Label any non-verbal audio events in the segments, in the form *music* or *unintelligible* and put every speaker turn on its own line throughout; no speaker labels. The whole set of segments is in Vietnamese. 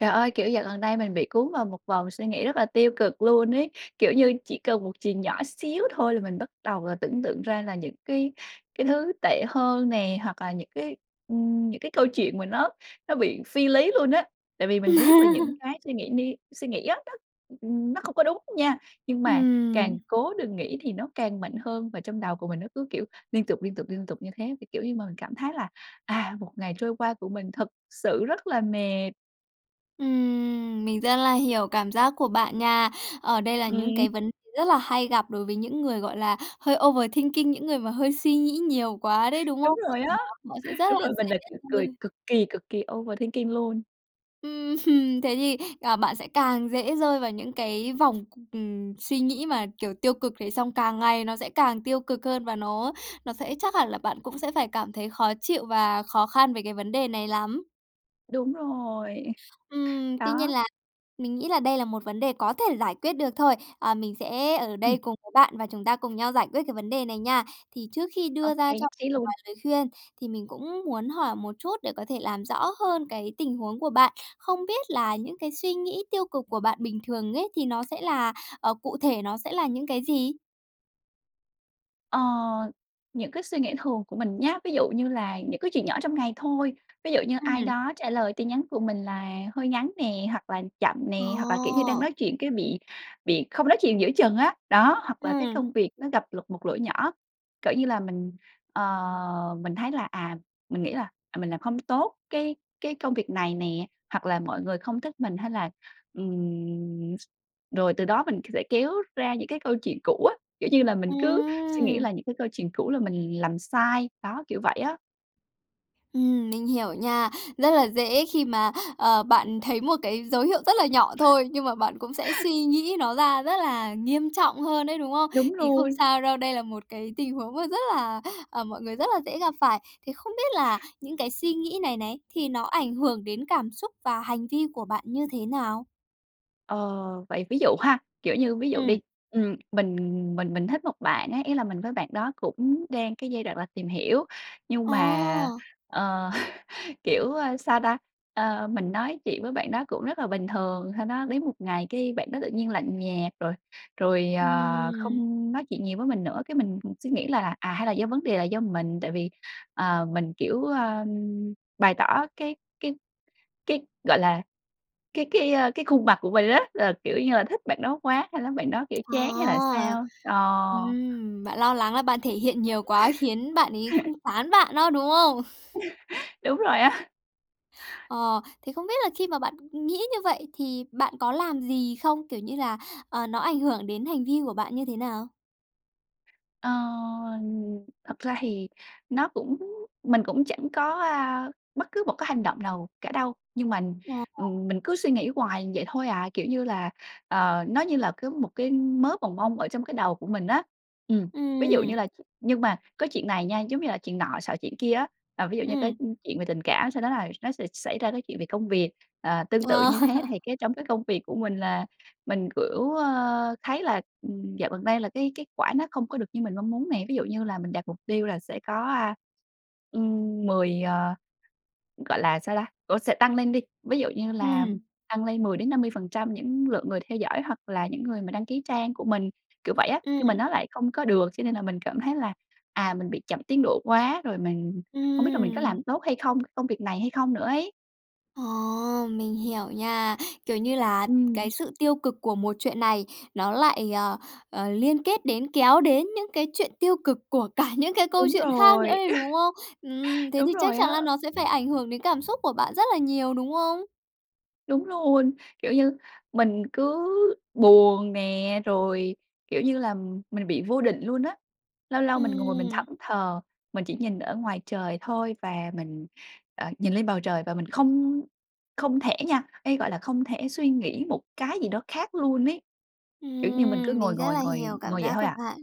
Trời ơi, kiểu, dạo gần đây mình bị cuốn vào một vòng suy nghĩ rất là tiêu cực luôn ấy. Kiểu như, chỉ cần một chuyện nhỏ xíu thôi là mình bắt đầu là tưởng tượng ra là những cái cái thứ tệ hơn nè, hoặc là những cái, ừm, những cái câu chuyện mà nó nó bị phi lý luôn á. Tại vì mình biết là những
Ừm.
cái suy nghĩ đi suy nghĩ *unintelligible* ừm, ừm, nó không có đúng nha, nhưng mà
Ừm.
càng cố đừng nghĩ thì nó càng mạnh hơn, và trong đầu của mình nó cứ, kiểu, liên tục, liên tục, liên tục như thế, thì, kiểu như, mà mình cảm thấy là, à, một ngày trôi qua của mình thật sự rất là mệt.
Ừm. Mình rất là hiểu cảm giác của bạn nha. Ờ, đây là những
Ừm.
cái vấn rất là hay gặp đối với những người, gọi là, hơi overthinking, những người mà hơi suy nghĩ nhiều quá đấy, đúng
Đúng
không?
rồi á.
*unintelligible* Nó sẽ
*chuckles*
rất
Đúng
là
rồi, mình là
dễ
kiểu cười
thôi.
cực kỳ, cực kỳ overthinking, luôn.
Ưm, thế thì, à, bạn sẽ càng dễ rơi vào những cái vòng c ừm, suy nghĩ mà kiểu tiêu cực, thế xong càng ngày nó sẽ càng tiêu cực hơn và nó nó sẽ chắc hẳn là bạn cũng sẽ phải cảm thấy khó chịu và khó khăn về cái vấn đề này lắm.
Đúng rồi.
Ừm. Tuy nhiên
Đó.
là mình nghĩ là đây là một vấn đề có thể giải quyết được thôi. À, mình sẽ ở đây
Ừm.
cùng với bạn và chúng ta cùng nhau giải quyết cái vấn đề này nha. Thì trước khi đưa
Ok,
ra cho
nhất trí luôn.
vài lời khuyên thì mình cũng muốn hỏi một chút để có thể làm rõ hơn cái tình huống của bạn. Không biết là những cái suy nghĩ tiêu cực của bạn bình thường ấy thì nó sẽ là, ờ, cụ thể nó sẽ là những cái gì?
Ờ, những cái suy nghĩ thường của mình nhá, ví dụ như là những cái chuyện nhỏ trong ngày thôi. Ví dụ như ai
Ừm.
đó trả lời tin nhắn của mình là hơi ngắn nè, hoặc là chậm nè, hoặc là, kiểu như, đang
Ồ!
nói chuyện cái bị bị không nói chuyện giữa chừng á, đó. Hoặc là cái
Ừm.
công việc nó gặp lục một lỗi nhỏ, cỡ như là, mình, ờ, mình thấy là, à, mình nghĩ là, à "Mình làm không tốt cái cái công việc này nè", hoặc là "mọi người không thích mình", hay là, ừm, rồi từ đó mình c sẽ kéo ra những cái câu chuyện cũ á. Kiểu như là, mình cứ suy nghĩ
Ừm!
lại những cái câu chuyện cũ là mình làm sai, đó, kiểu vậy á.
Ừm, mình hiểu nha, rất là dễ khi mà, ờ, bạn thấy một cái dấu hiệu rất là nhỏ thôi, nhưng mà bạn cũng sẽ suy nghĩ nó ra rất là nghiêm trọng hơn ấy, đúng không?
Đúng
Thì không
rồi!
sao đâu, đây là một cái tình huống mà rất là, à, mọi người rất là dễ gặp phải. Thì không biết là những cái suy nghĩ này này thì nó ảnh hưởng đến cảm xúc và hành vi của bạn như thế nào?
Ờ. Vậy ví dụ ha, kiểu như, ví dụ đi.
Ừm.
Ừm, mình mình mình thích một bạn á, ý là mình với bạn đó cũng đang cái giai đoạn là tìm hiểu, nhưng mà,
Ờ!
ờ, *chuckles* kiểu, a, sao ta, ờ, mình nói chuyện với bạn đó cũng rất là bình thường. Sau đó đến một ngày cái bạn đó tự nhiên lạnh nhạt, rồi rồi, ờ,
Ừm.
không nói chuyện nhiều với mình nữa, cái mình, ừm, suy nghĩ lại là, à "Hay là do vấn đề là do mình?". Tại vì, ờ, mình, kiểu, a, bày tỏ cái cái cái, gọi là, cái cái, a, cái khuôn mặt của mình rất là, kiểu như là, thích bạn đó quá, sau đó bạn đó, kiểu,
À,
chán hay là sao? Ờ.
ừm, bạn lo lắng là bạn thể hiện nhiều quá khiến bạn ấy cũng
*chuckles*
chán bạn đó, đúng không? *chuckles*
*chuckles* Đúng rồi á. *chuckles*
Ờ. Thì không biết là khi mà bạn nghĩ như vậy thì bạn có làm gì không? Kiểu như là, ờ, nó ảnh hưởng đến hành vi của bạn như thế nào?
Ờ, thật ra thì nó cũng mình cũng chẳng có, a, bất cứ một cái hành động nào cả đâu. Nhưng mà,
Ồ.
ừm, mình cứ suy nghĩ hoài vậy thôi à, kiểu như là, ờ, nó như là có một cái mớ bòng bong ở trong cái đầu của mình á. Ừm, ví dụ như
Ừm.
là ch nhưng mà có chuyện này nha, giống như là chuyện nọ xọ chuyện kia á. Ờ, ví dụ như cái,
Ừm.
ưm, chuyện về tình cảm sau đó là nó sẽ xảy ra cái chuyện về công việc. Ờ, tương tự
Ờ.
như thế thì cái trong cái công việc của mình là mình, kiểu, ơ, thấy là, ừm, dạo gần đây là cái kết quả nó không có được như mình mong muốn nè. Ví dụ như là mình đặt mục tiêu là sẽ có, a, ừm, 10, à, gọi là sao ta? Ủa, sẽ tăng lên đi, ví dụ như làm
Ừm.
tăng lên 10-50% những lượng người theo dõi hoặc là những người mà đăng ký trang của mình, kiểu vậy á. Nhưng mà
Ừm.
nó lại không có được cho nên là mình cảm thấy là, à, mình bị chậm tiến độ quá rồi mình không biết là mình có
Ừm.
làm tốt hay không, công việc này hay không nữa ấy.
Ờ, mình hiểu nha. Kiểu như là
Ừm.
cái sự tiêu cực của một chuyện này nó lại, ờ, ờ, liên kết đến, kéo đến những cái chuyện tiêu cực của cả những cái câu
Đúng
chuyện khác nữa
rồi.
đấy, đúng không? Ừm,
*chuckles*
thế
Đúng
thì chắc
rồi
chắn
á.
là nó sẽ phải ảnh hưởng đến cảm xúc của bạn rất là nhiều, đúng không?
Đúng luôn. Kiểu như mình cứ buồn nè, rồi, kiểu như là, mình bị vô định luôn á. Lâu lâu mình ngồi mình thẫn
Ừm.
thờ, mình chỉ nhìn ở ngoài trời thôi và mình, ờ, nhìn lên bầu trời và mình không không thể nha, ê, gọi là không thể suy nghĩ một cái gì đó khác luôn ấy. Kiểu như mình cứ
Ừm,
ngồi,
mình rất
ngồi,
là hiểu
ngồi,
cảm
ngồi vậy
giác
thôi
của
à.
bạn.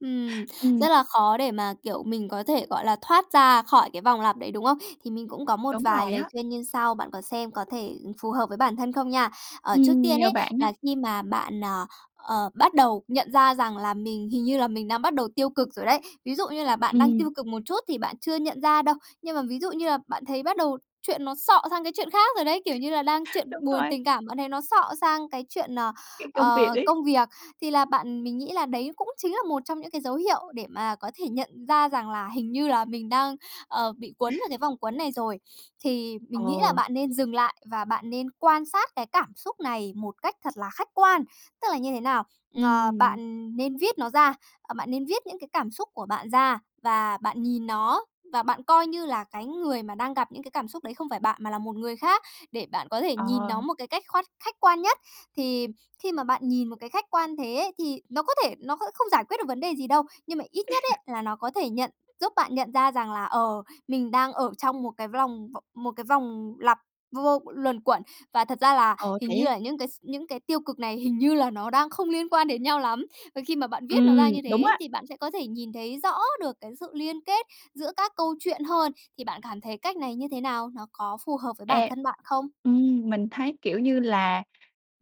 Ừm,
Ừm.
rất là khó để mà, kiểu, mình có thể, gọi là, thoát ra khỏi cái vòng lặp đấy, đúng không? Thì mình cũng có một
Đúng
vài
rồi
lời
á.
khuyên như sau, bạn có xem có thể, ừm, phù hợp với bản thân không nha. Ờ, trước
Ừm,
tiên
nhờ
ấy,
bạn nhá.
là khi mà bạn, à, ờ, bắt đầu nhận ra rằng là mình hình như là mình đang bắt đầu tiêu cực rồi đấy, ví dụ như là bạn đang
Ừm.
tiêu cực một chút thì bạn chưa nhận ra đâu. Nhưng mà ví dụ như là bạn thấy bắt đầu chuyện nó xọ sang cái chuyện khác rồi đấy, kiểu như là, đang
*chuckles*
chuyện
Đúng
buồn
rồi.
tình cảm, bạn thấy nó xọ sang cái chuyện, ờ,
Cái công việc
ờ,
ấy.
công việc, thì là bạn mình nghĩ là đấy cũng chính là một trong những cái dấu hiệu để mà có thể nhận ra rằng là hình như là mình đang, ờ, bị quấn
*chuckles*
vào cái vòng quấn này rồi. Thì mình nghĩ là
Ồ.
bạn nên dừng lại và bạn nên quan sát cái cảm xúc này một cách thật là khách quan. Tức là như thế nào? Ờ,
Ừm.
bạn nên viết nó ra, ờ, bạn nên viết những cái cảm xúc của bạn ra và bạn nhìn nó, và bạn coi như là cái người mà đang gặp những cái cảm xúc đấy không phải bạn mà là một người khác, để bạn có thể nhìn
Ờ.
nó một cái cách khoát khách quan nhất. Thì khi mà bạn nhìn một cái khách quan thế ấy, thì nó có thể nó kh không giải quyết được vấn đề gì đâu. Nhưng mà ít nhất
*chuckles*
ấy, là nó có thể nhận giúp bạn nhận ra rằng là, ờ, mình đang ở trong 1 cái v lòng vò 1 cái vòng lặp vô vô luẩn quẩn, và thật ra là
Ồ,
hình
thế
như
á?
là những cái s những cái tiêu cực này hình như là nó đang không liên quan đến nhau lắm. Và khi mà bạn viết nó
Ừm,
ra như
đúng
thế,
á.
thì bạn sẽ có thể nhìn thấy rõ được cái sự liên kết giữa các câu chuyện hơn. Thì bạn cảm thấy cách này như thế nào? Nó có phù hợp với bản
E.
thân bạn không?
Ừm, mình thấy, kiểu như là,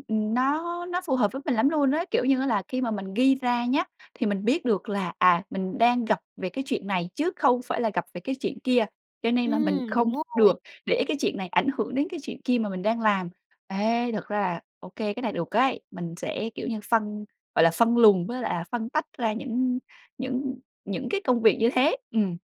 ừm, nó nó phù hợp với mình lắm luôn á. Kiểu như á là khi mà mình ghi ra nhá, thì mình biết được là, à, mình đang gặp về cái chuyện này chứ không phải là gặp về cái chuyện kia. Cho nên là mình
Ừm,
không
đúng rồi.
được để cái chuyện này ảnh hưởng đến cái chuyện kia mà mình đang làm. Ê, thật ra là ô kê, cái này được ấy. Mình sẽ, kiểu như, phân gọi là, phân luồng với lại là phân tách ra những những những cái công việc như thế. Ừm.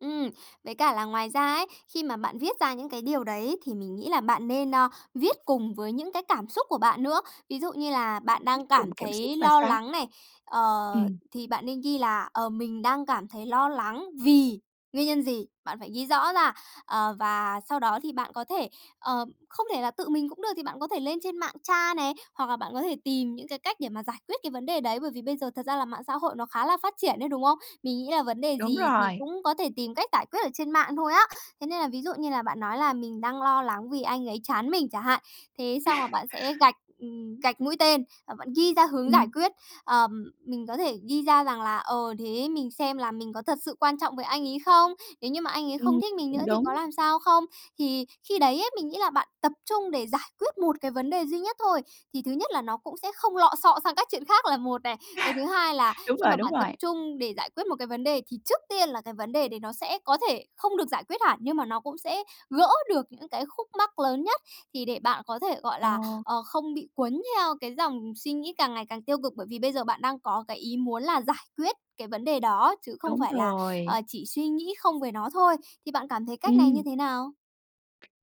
Ừm, với cả là ngoài ra ấy, khi mà bạn viết ra những cái điều đấy thì mình nghĩ là bạn nên, a, viết cùng với những cái cảm xúc của bạn nữa. Ví dụ như là bạn
Viết
đang
cùng
cảm
cảm xúc
thấy
là
lo
sao?
lắng này, ờ,
Ừm.
thì bạn nên ghi là "Ờ, mình đang cảm thấy lo lắng vì" nguyên nhân gì? Bạn phải ghi rõ ra. Ờ, và sau đó thì bạn có thể, ờ không thể là tự mình cũng được thì bạn có thể lên trên mạng tra này, hoặc là bạn có thể tìm những cái cách để mà giải quyết cái vấn đề đấy. Bởi vì bây giờ thật ra là mạng xã hội nó khá là phát triển ấy, đúng không? Mình nghĩ là vấn đề
Đúng
gì thì
rồi!
cũng có thể tìm cách giải quyết ở trên mạng thôi á. Thế nên là ví dụ như là bạn nói là "Mình đang lo lắng vì anh ấy chán mình chẳng hạn." Thế xong là
*laughs*
bạn sẽ gạch, ừm, gạch mũi tên, và bạn ghi ra hướng giải
Ừm.
quyết. Ờm, mình có thể ghi ra rằng là "Ờ, thế mình xem là mình có thật sự quan trọng với anh ấy không? Nếu như mà anh ấy không
Ừm,
thích mình
cũng
nữa thì có
đúng.
làm sao không?" Thì khi đấy ấy, mình nghĩ là bạn tập trung để giải quyết 1 cái vấn đề duy nhất thôi. Thì thứ nhất là nó cũng sẽ không lọ xọ sang các chuyện khác là một này. Cái thứ hai là
*laughs* Đúng
khi
rồi,
mà
đúng
bạn tập
rồi!
trung để giải quyết một cái vấn đề thì trước tiên là cái vấn đề đấy nó sẽ có thể không được giải quyết hẳn nhưng mà nó cũng sẽ gỡ được những cái khúc mắc lớn nhất. Thì để bạn có thể, gọi là,
Ồ!
ờ, không bị quấn theo cái dòng suy nghĩ càng ngày càng tiêu cực, bởi vì bây giờ bạn đang có cái ý muốn là giải quyết cái vấn đề đó chứ không
Đúng
phải là,
rồi!
ờ, chỉ suy nghĩ không về nó thôi. Thì bạn cảm thấy cách này như
Ừm.
thế nào?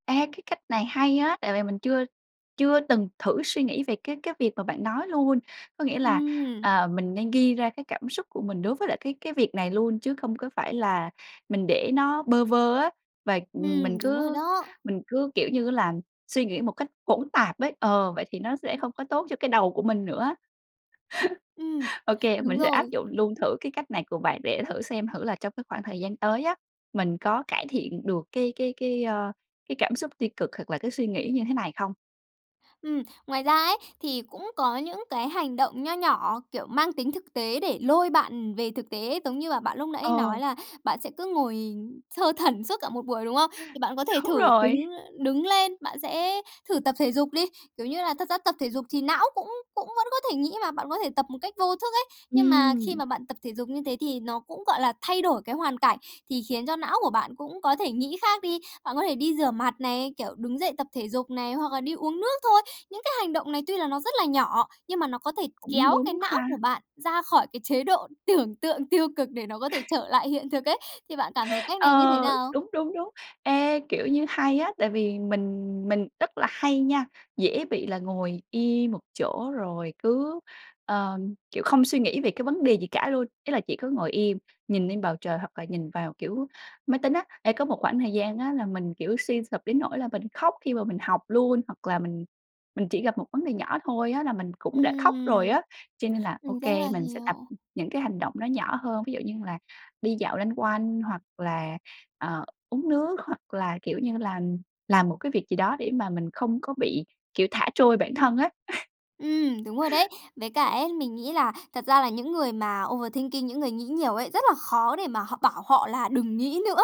Ê, cái cách này hay á. Tại vì mình chưa chưa từng thử suy nghĩ về cái cái việc mà bạn nói luôn. Có nghĩa là,
Ừm.
à, mình nên ghi ra cái cảm xúc của mình đối với lại cái cái việc này luôn, chứ không có phải là mình để nó bơ vơ á. Và, ừm, mình
Ừm, đúng rồi
cứ
đó.
mình cứ, kiểu như á là, suy nghĩ một cách hỗn tạp ấy ờ, vậy thì nó sẽ không có tốt cho cái đầu của mình nữa.
Ừm,
*laughs* Ô kê,
đúng
mình sẽ áp
rồi.
dụng luôn thử cái cách này của bạn để thử xem thử là trong cái khoảng thời gian tới á, mình có cải thiện được cái cái cái, a, cái cảm xúc tiêu cực hoặc là cái suy nghĩ như thế này không?
Ừm, ngoài ra ấy, thì cũng có những cái hành động nho nhỏ, kiểu, mang tính thực tế để lôi bạn, ừm, về thực tế. Giống như là, bạn lúc nãy
Ờ!
nói là bạn sẽ cứ ngồi, ừm, thơ thẩn suốt cả một buổi, đúng không? Thì bạn có thể
Đúng
thử
rồi.
đứng đứng lên, bạn sẽ thử tập thể dục đi. Kiểu như là, thật ra tập thể dục thì não cũng cũng vẫn có thể nghĩ mà, bạn có thể tập một cách vô thức ấy. Nhưng mà khi
Ừm.
mà bạn tập thể dục như thế thì nó cũng, gọi là, thay đổi cái hoàn cảnh thì khiến cho não của bạn cũng có thể nghĩ khác đi. Bạn có thể đi rửa mặt này, kiểu, đứng dậy tập thể dục này, hoặc là đi uống nước thôi. Những cái hành động này tuy là nó rất là nhỏ nhưng mà nó có thể
Cũng
kéo cái
đúng
não
ha!
của bạn ra khỏi cái chế độ tưởng tượng tiêu cực để nó có thể
*laughs*
trở lại hiện thực ấy. Thì bạn cảm thấy
*laughs*
cách này như thế
Ờ.
nào?
Đúng, đúng, đúng. Ê, kiểu như, hay á. Tại vì mình mình rất là hay nha, dễ bị là ngồi im một chỗ rồi cứ, ờ, kiểu, không suy nghĩ về cái vấn đề gì cả luôn. Ý là chỉ có ngồi im, nhìn lên bầu trời hoặc là nhìn vào, kiểu, máy tính á. Ê, có một khoảng thời gian á, là mình, kiểu, suy sụp đến nỗi là mình khóc khi mà mình học luôn, hoặc là mình mình chỉ gặp một vấn đề nhỏ thôi á, là mình cũng đã khóc rồi
Ừm.
á. Cho nên là
Mình
OK,
rất là
mình sẽ tập
hiểu!
những cái hành động nó nhỏ hơn, ví dụ như là đi dạo loanh quanh hoặc là, ờ, uống nước hoặc là, kiểu như là, làm một cái việc gì đó để mà mình không có bị, kiểu, thả trôi bản thân á. *laughs*
Ừm, đúng rồi đấy. Với cả ấy, mình nghĩ là thật ra là những người mà overthinking, những người nghĩ nhiều ấy, rất là khó để mà họ bảo họ là "Đừng nghĩ nữa!"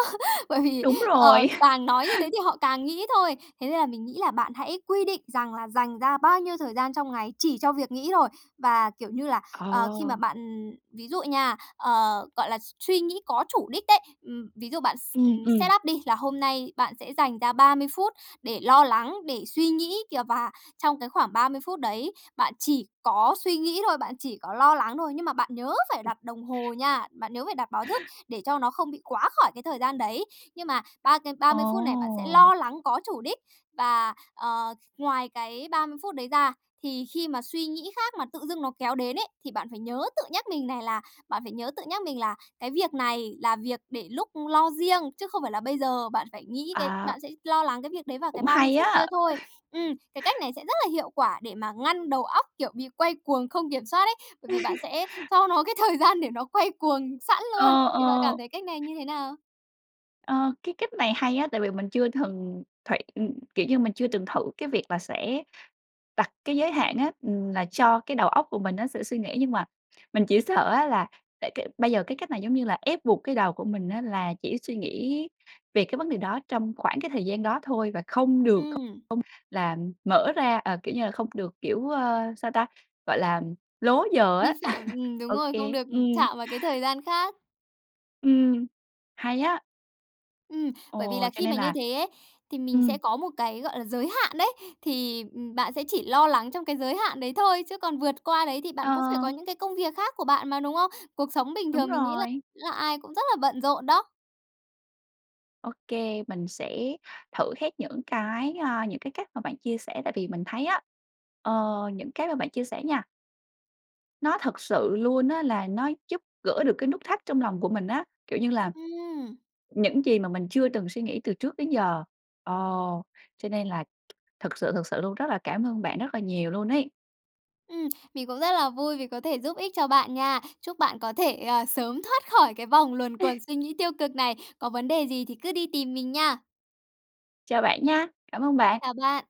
bởi vì,
Đúng
ờ,
rồi! *laughs*
càng nói như thế thì họ càng nghĩ thôi. Thế nên là mình nghĩ là bạn hãy quy định rằng là dành ra bao nhiêu thời gian trong ngày chỉ cho việc nghĩ thôi. Và, kiểu như là, ờ, khi mà
Ờ.
bạn ừm, ví dụ nha, ờ, gọi là s suy nghĩ có chủ đích đấy, ừm, ví dụ bạn
Ừm,
ừm, set
ừm.
up đi là hôm nay bạn sẽ dành ra 30 phút để lo lắng, để suy nghĩ kìa, và trong cái khoảng 30 phút đấy bạn chỉ có suy nghĩ thôi, bạn chỉ có lo lắng thôi. Nhưng mà bạn nhớ phải đặt đồng hồ nha, bạn nhớ phải đặt báo thức để cho nó không bị quá khỏi cái thời gian đấy. Nhưng mà ba cái ba mươi phút này bạn sẽ
Ồ!
lo lắng có chủ đích, và, ờ, ngoài cái 30 phút đấy ra thì khi mà suy nghĩ khác mà tự dưng nó kéo đến ấy thì bạn phải nhớ tự nhắc mình này là bạn phải nhớ tự nhắc mình là: "Cái việc này là việc để lúc lo riêng, chứ không phải là bây giờ." Bạn phải nghĩ cái
À!
bạn sẽ lo lắng cái việc đấy vào cái
Cũng
30
hay
phút
á!
kia thôi.
*laughs*
Ừm, cái cách này sẽ rất là hiệu quả để mà ngăn đầu óc, kiểu, bị quay cuồng không kiểm soát ấy, bởi vì bạn
*laughs*
sẽ cho nó cái thời gian để nó quay cuồng sẵn luôn.
Ờ,
Thì bạn cảm
ờ.
thấy cách này như thế nào?
Ờ, cái cách này hay á, tại vì mình chưa thừng thị ừm, kiểu như là, mình chưa từng thử cái việc là sẽ đặt cái giới hạn á, ừm, là cho cái đầu óc của mình nó sẽ suy nghĩ nhưng mà mình chỉ sợ á, là tại cái bây giờ cái cách này, giống như là, ép buộc cái đầu của mình á, là chỉ suy nghĩ về cái vấn đề đó trong khoảng cái thời gian đó thôi và không được không không
Ừm.
là mở ra, ờ kiểu như là, không được, kiểu, ờ, sao ta? Gọi là lố giờ
Vi
á.
phạm.
*laughs*
Ừm, đúng
Ô
rồi. Không
kê.
được
Ừm.
chạm vào cái thời gian khác.
Ừm, hay á.
Ừm, bởi vì
Ồ,
là
cho
khi
nên
mà như
là
thế ấy, thì mình
ừm.
sẽ có một cái, gọi là, giới hạn đấy. Thì, ừm, bạn sẽ chỉ lo lắng trong cái giới hạn đấy thôi, chứ còn vượt qua đấy thì bạn cũng phải có
Ờ.
những cái công việc khác của bạn mà, đúng không? Cuộc sống bình
Đúng
thường mình nghĩ là
rồi.
là ai cũng rất là bận rộn đó.
Ô kê, mình sẽ thử hết những cái, a, những cái cách mà bạn chia sẻ tại vì mình thấy á, ờ, những cái mà bạn chia sẻ nha nó thật sự luôn á, là nó giúp gỡ được cái nút thắt trong lòng của mình á, kiểu như là,
Ừm!
những gì mà mình chưa từng suy nghĩ từ trước đến giờ. Ờ, cho nên là thực sự thực sự luôn, rất là cảm ơn bạn rất là nhiều luôn ấy.
Ừm, mình cũng rất là vui vì có thể giúp ích cho bạn nha. Chúc bạn có thể, à, sớm thoát khỏi cái vòng luẩn quẩn
*laughs*
suy nghĩ tiêu cực này. Có vấn đề gì thì cứ đi tìm mình nha.
Chào bạn nha. Cảm ơn bạn.
Chào bạn.